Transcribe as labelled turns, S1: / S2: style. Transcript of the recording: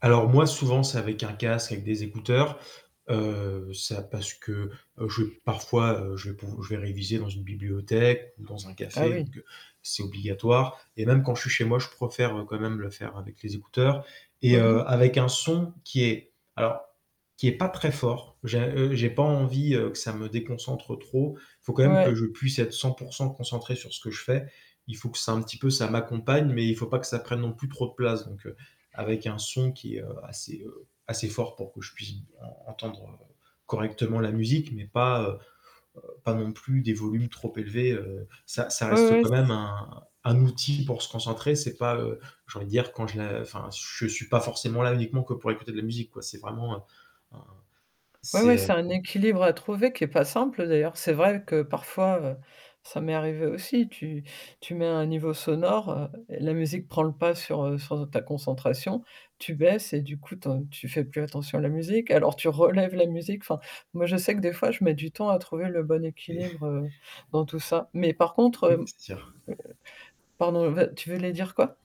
S1: Alors moi, souvent, c'est avec un casque, avec des écouteurs, heu, ça parce que je parfois, je vais pou je vais réviser dans une bibliothèque ou dans un
S2: Ah,
S1: café,
S2: oui!
S1: donc heu, c'est obligatoire et même quand je suis chez moi, je préfère quand même le faire avec les écouteurs et
S2: Mmh
S1: heu,
S2: mh.
S1: avec un son qui est alors, qui est pas très fort, j'ai heu, j'ai pas envie que ça me déconcentre trop, il faut quand même que
S2: Ouais.
S1: je puisse être 100 % concentré sur ce que je fais, il faut que ça un petit peu, que ça m'accompagne, mais il faut pas que ça prenne non plus trop de place, donc heu, avec un son qui est heu, assez, heu, assez fort pour que je puisse en-entendre, heu, correctement la musique, mais pas, heu, pas non plus des volumes trop élevés, heu, ça ça
S2: Ouais,
S1: reste
S2: ouais,
S1: quand même
S2: c'est
S1: un un
S2: s
S1: outil pour se concentrer, c'est pas, heu, j'ai envie de dire quand je la enfin, je suis pas forcément là uniquement que pour écouter de la musique, quoi, c'est vraiment, heu, un
S2: Ouais
S1: c'est,
S2: ouais,
S1: heu
S2: c'est un équilibre à trouver qui est pas simple d'ailleurs. C'est vrai que parfois, heu, ça m'est arrivé aussi. Tu tu mets un niveau sonore, heu et la musique prend le pas sur, heu, sur ta concentration, tu baisses et du coup, tu en tu fais plus attention à la musique, alors tu relèves la musique, enfin, moi, je sais que des fois, je mets du temps à trouver le bon
S1: Et
S2: équilibre, heu, dans tout ça. Mais par contre, heu
S1: Oui,
S2: heu,
S1: c'est sur!
S2: pardon, veux tu voulais dire quoi?